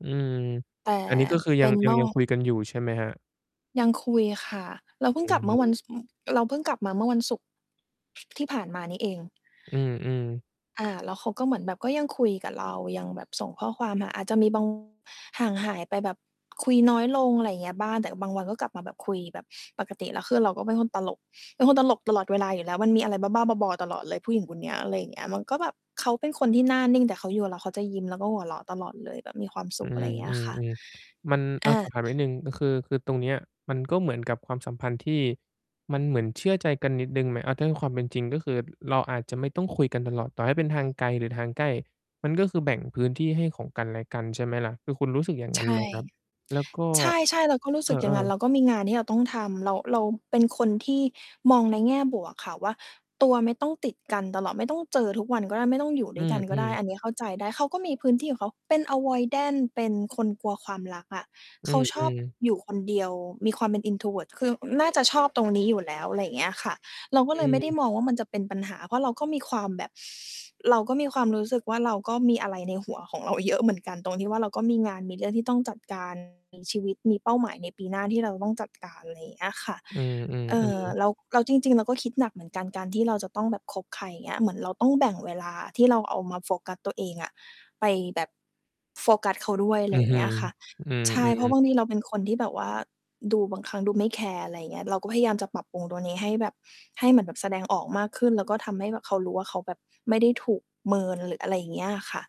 อืม แต่ อันนี้ก็คือเยปัง ็นยันง อยังก คุยกันอยู่ ใช่ไหมครับ? ยังคุยค่ะ เราอเพืิ่งกลัอบฮเมื่อวัน ึ ศ เราเพิ่งกลับมาเมื่อวันศุกร์ ที่ผ่านมานี่เอง อือ ๆ อา แล้วเขาก็เหมือนแบบ ก็ยังคุยกับเรา ยังแบบส่งข้อความหา อาจจะมี บาง ห่างหายไป แบบคุยน้อยลง อะไรเงี้ยบ้าง แต่บางวันก็กลับมาแบบคุยแบบปกติ แล้วคือเราก็เป็นคนตลก เป็นคนตลกตลอดเวลาอยู่แล้ว มันมีอะไรบ้า ๆ บอ ๆ ตลอดเลย ผู้หญิงคนเนี้ย อะไรอย่างเงี้ย มันก็แบบ เขาเป็นคนที่หน้านิ่ง แต่เขาอยู่กับเรา เขาจะยิ้มแล้วก็หัวเราะตลอดเลย แบบมีความสอืุข อะไรเงี้ยค่ะ ม ๆ ๆ มัน ออะ สา อบถามนิดหนึ่ง ก็คือ คือตรงเนี้ย มันก็เหมือนกับความสัมพันธ์ที่ มันเหมือนเชื่อใจกันนิดหนึ่งไหม? อา ถ้าในความเป็นจริงก็คือ ร เราอาจจะไม่ต้องคุยกันตลอด ต่อให้เป็นทางไกลหรือทางใกล้ มันก็คือแบ่งพื้นที่ให้ ของกันและกัน ใช่ไหมล่ะ? คือคุณรู้สึกอย่างงใั้ชนไหม่ ครับ? แล้วก็ ใช่ ๆ เราก็รู้เอสึกอย่าอ งงั้น เๆ ราก็มีงานที่เราต้องทำ แล้วเราเป็นคนที่มองในแง่บวกค่ะว่า ตัวไม่ต้องติดกันตลอด ไม่ต้องเจอทุกวันก็ได้ ไม่ต้องอยู่อดื้วยกันก็ไดม ้ ๆ อันเนี้ยเข้าใจได้ เขาก็มีพื้นที่ของเขา เป็น Avoidant เป็นคนกลัวความรักอะ อืเขาชอบอ ๆ อยู่คนเดียว มีความเป็น Introvert คือน่า จะชอบตรงนี้อยู่แล้ว อะไรเงี้ยค่ะ เรากอ็เลยไม่ได้ืม มองว่า มันจะเป็นปัญหา เพราะเราก็มีความแบบ เราก็มีความรู้สึกว่า เราก็มีอะไรในหัวของเรา เยอะ เหมือนกัน ตรงที่ว่า เราก็มีงาน มีเรื่องที่ต้องจัด การ มี ชีวิต มีเป้าหมายในปีหน้าที่เราจะต้องจัดการ ไรเงี้ยค่ะ อือ เอๆ ่อือ อ แล้ว แล้วจริง ๆ เราก็คิดหนักเหมือนกัน การที่เราจะต้องแบบคบใคร เงี้ย เหมือนเราต้องแบ่งเวลาที่เราเอามาโฟกัสตัวเองอะ ไปแบบ โฟกัสเขาด้วย อืไรอฮเึ งี้ยค่ะ อืใช่ เพรอ าะๆ บางทีเราเป็นคนที่แบบว่าดู บางครั้งดูไม่แคร์ อะไรเงี้ย เราก็พยายามจะปรับปรุงตรงนี้ให้แบบ ให้เหมือนแบบแสดงออกมากขึ้น แล้วก็ทำให้แบบเขารู้ว่า เขาแบบไม่ได้ถูกเมินหรืออะไรอย่างเงี้ยค่ะ